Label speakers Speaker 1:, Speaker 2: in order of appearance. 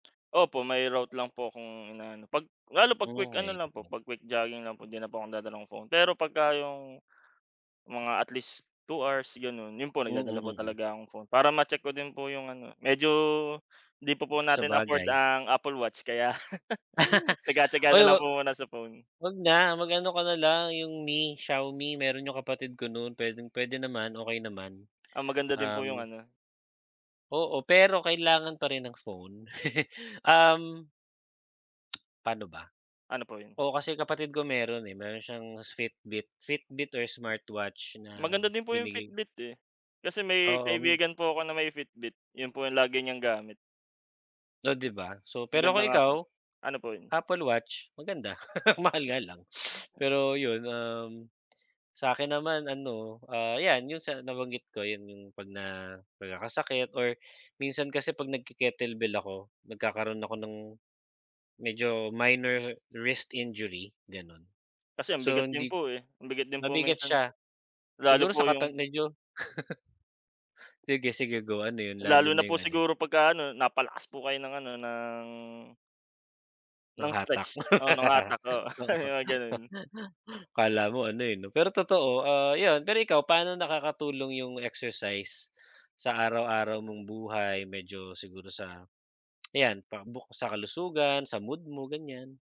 Speaker 1: Opo. May route lang po kung inaano. 'Pag lalo 'pag
Speaker 2: Mm,
Speaker 1: quick ano lang po,
Speaker 2: okey.
Speaker 1: 'pag quick jogging lang po hindi na po ako nag dadala ng phone. Pero 'pagka yung, mga at least 2 hours gano'n, 'yon po
Speaker 2: Mm,
Speaker 1: nagdadala po
Speaker 2: mm.
Speaker 1: talaga akong phone. Para ma-check ko din po 'yong ano, medyo hindi pa po natin afford
Speaker 2: Sabagay.
Speaker 1: ang Apple Watch kaya. Tiyaga-tiyaga
Speaker 2: Oy,
Speaker 1: na lang
Speaker 2: wag
Speaker 1: po muna sa phone.
Speaker 2: wag na. Mag ano ka na lang, yung Mi, Xiaomi, meron yung kapatid ko nun, pwedeng-pwede naman, okey naman.
Speaker 1: Ah, maganda din po yung
Speaker 2: Um.
Speaker 1: ano.
Speaker 2: Oo. Pero kailangan pa rin ng phone. Um. Pa'no ba.
Speaker 1: Ano po 'yon?
Speaker 2: Oo. Kasi kapatid ko meron, eh, meron siyang Fitbit, Fitbit or smartwatch na
Speaker 1: Maganda din po yung
Speaker 2: binigay.
Speaker 1: Fitbit, eh. Kasi may
Speaker 2: Oo Mi.
Speaker 1: kaibigan po ako na may Fitbit, yun po yung lagi niyang gamit.
Speaker 2: O, 'di ba? So
Speaker 1: Ang
Speaker 2: pero kung
Speaker 1: ganda nga po,
Speaker 2: ikaw,
Speaker 1: ano po yun?
Speaker 2: Apple Watch maganda, mahal nga lang. Pero yun, um, sa'kin naman ano, ah, yan, yung sa nabanggit ko, yan yung 'pag na, pagkakasakit or minsan kasi 'pag nag ke-kettlebell ako nagkakaroon ako ng, medyo minor wrist injury ganon.
Speaker 1: Kasi ang bigat
Speaker 2: So
Speaker 1: din
Speaker 2: hindi,
Speaker 1: po, eh. Ang bigat din po
Speaker 2: mabigat
Speaker 1: minsan.
Speaker 2: siya.
Speaker 1: Lalo
Speaker 2: Siguro sa
Speaker 1: po yung
Speaker 2: kapa medyo. Sige sige, go, ano yun?
Speaker 1: Lalo
Speaker 2: Lalo
Speaker 1: na
Speaker 2: na
Speaker 1: po
Speaker 2: yung alin?
Speaker 1: siguro 'pagka ano, napalakas po kayo ng ano, ng
Speaker 2: Nang
Speaker 1: ng stretch,
Speaker 2: hatak.
Speaker 1: oo, nung hatak, oo,
Speaker 2: Oo.
Speaker 1: mga ganun.
Speaker 2: Kala mo ano, eh, 'no? Pero totoo, ah, yun. Pero ikaw paano nakakatulong yung exercise sa araw-araw mong buhay? Medyo siguro sa ayan, pa bu sa kalusugan, sa mood mo, ganyan.